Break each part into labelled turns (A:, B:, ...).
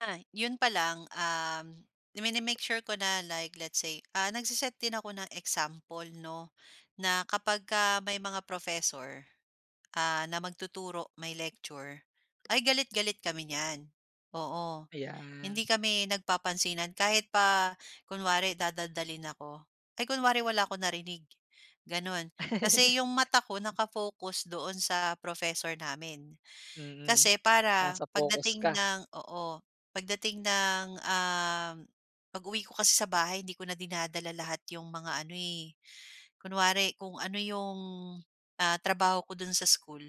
A: Ay, yun pa lang, um, mini-make sure ko na like let's say, ah, nag-se-set din ako ng example, 'no? Na kapagka may mga professor, ah, na magtuturo may lecture ay galit-galit kami niyan, oo. Hindi
B: Ayan
A: kami nagpapansinan kahit pa kunwari dadaldalin ako, ay kunwari wala akong narinig gano'n. Kasi 'yong mata ko naka-focus doon sa professor namin
B: Mm.
A: kasi para
B: Nasa focus
A: pagdating
B: ka.
A: ng oo, pagdating ng, um pag-uwi ko kasi sa bahay hindi ko na dinadala lahat 'yong mga ano, eh, kunwari kung ano 'yong, ah, trabaho ko do'n sa school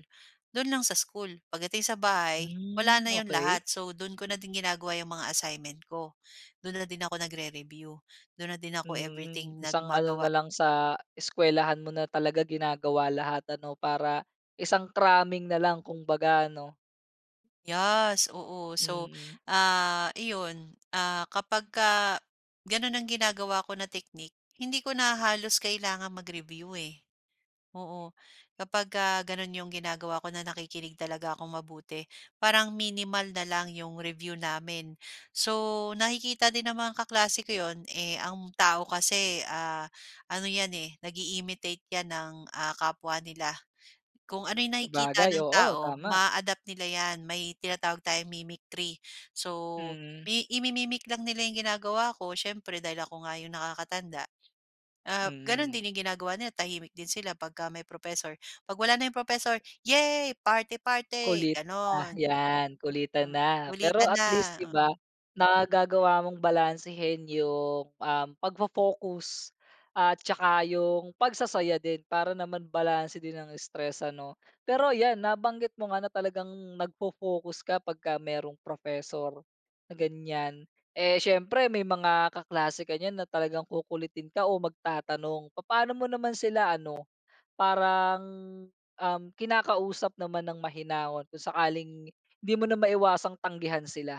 A: do'n lang sa school. Pagdating sa bahay wala
B: Hmm,
A: na 'yon
B: okey.
A: lahat. So, do'n ko na din ginagawa 'yong mga assignment ko, do'n na din ako nagre-review. Do'n na din ako everything
B: Mm.
A: nag
B: Isang ano
A: magawa.
B: na lang sa eskwelahan mo na talaga ginagawa lahat ano para isang cramming na lang kumbaga ano?
A: Yes, oo. So,
B: Mm.
A: ah, iyon, ah, kapagka gano'n ang ginagawa ko na technique, hindi ko na halos kailangang mag-review, eh, oo. Kapag ka gano'n yung ginagawa ko na nakikinig talaga akong mabuti parang minimal na lang yung review namin. So. nakikita din ng mga kaklase ko yun, eh, ang tao kasi, ah, ano yan, eh, nag-i-imitate yan ng, ah, kapwa nila. Kung ano yung nakikita
B: Sabagay,
A: ng
B: oo
A: tao
B: tama.
A: ma-a-adapt nila yan. May tinatawag tayong mimicry. So,
B: Mm.
A: mi imi-mic lang nila yung ginagawa ko siyempre dahil ako nga yung nakakatanda, ap gano'n
B: Mm.
A: din yung ginagawa nila tahimik din sila pagka may professor, pag wala na yung profesor, "Yehey! Party-party,"
B: Kulitta
A: ganon.
B: 'yan kulitan
A: Tama,
B: na. Pero
A: kulitan
B: at
A: na,
B: least, 'di ba,
A: oo.
B: nagagawa mong balansehin yung, um, pagfo-focus at tsaka yung pagsasaya din. Para naman balanse din ang stress ano? Pero yan nabanggit mo nga na talagang nagfo-focus kapag ka merong professor na ganyan, eh, siyempre may mga kaklase ka niyan na talagang kukulitin ka o magtatanong papaano mo naman sila ano parang, um, kinakausap naman ng mahinahon kung sakaling hindi mo na maiwasang tanggihan sila?